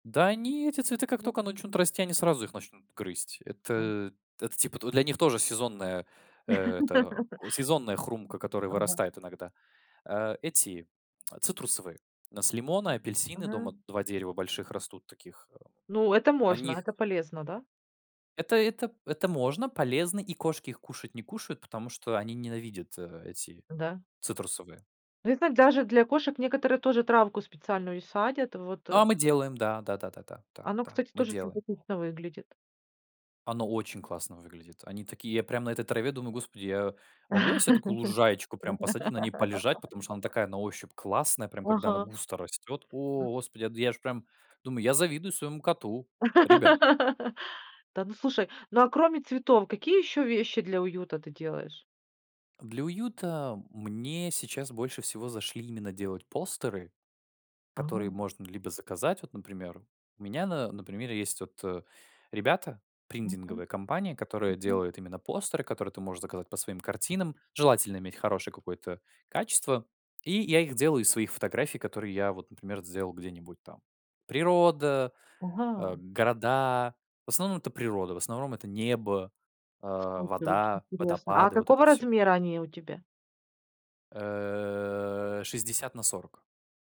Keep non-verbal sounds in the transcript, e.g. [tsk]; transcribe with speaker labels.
Speaker 1: Да они, эти цветы, как только начнут расти, они сразу их начнут грызть. Это это типа для них тоже сезонная, э, это
Speaker 2: [laughs]
Speaker 1: сезонная хрумка, которая
Speaker 2: Ага.
Speaker 1: вырастает иногда. Э, эти [tsk] цитрусовые: у нас лимоны, апельсины
Speaker 2: Мгм.
Speaker 1: дома, 2 дерева больших растут таких, э,
Speaker 2: Ну, это
Speaker 1: они
Speaker 2: можно, это
Speaker 1: их
Speaker 2: полезно, да?
Speaker 1: Это это это можно, полезно, и кошки их кушать не кушают, потому что они ненавидят, э, эти
Speaker 2: Да.
Speaker 1: цитрусовые.
Speaker 2: Ну, я зна даже для кошек некоторые тоже травку специальную садят, вот, э.
Speaker 1: А мы делаем, да. Да да да да.
Speaker 2: Оно,
Speaker 1: Да,
Speaker 2: кстати,
Speaker 1: мы
Speaker 2: тоже
Speaker 1: делаем.
Speaker 2: симпатично выглядит.
Speaker 1: Оно очень классно выглядит. Они такие я прям на этой траве думаю: господи, я могу я се такую лужаечку прям посадить, на ней полежать, потому что она
Speaker 2: [laughs]
Speaker 1: такая на ощупь классная, прям когда она
Speaker 2: Ага.
Speaker 1: густо растет. О, господи, я д я ж прям думаю, я завидую своему коту, ребят.
Speaker 2: [laughs] Да, но слушай, ну а кроме цветов, какие еще вещи для уюта ты делаешь?
Speaker 1: Для уюта мне сейчас больше всего зашли именно делать постеры, которые
Speaker 2: А.
Speaker 1: можно либо заказать вот, например. У меня, на например, есть вот, э, ребята,
Speaker 2: Мгм.
Speaker 1: принтинговая компания, которая
Speaker 2: Мгм.
Speaker 1: делает именно постеры, которые ты можешь заказать по своим картинам, желательно иметь хорошее какое-то качество. И я их делаю из своих фотографий, которые я вот, например, сделал где-нибудь там: природа, э,
Speaker 2: Ага.
Speaker 1: города. В основном это природа, в основном это небо, э,
Speaker 2: [unintelligible] Очень
Speaker 1: вода,
Speaker 2: интересно. А
Speaker 1: водопады, вот это
Speaker 2: какого
Speaker 1: всё.
Speaker 2: размера они у тебя?
Speaker 1: Э, 60 на 40.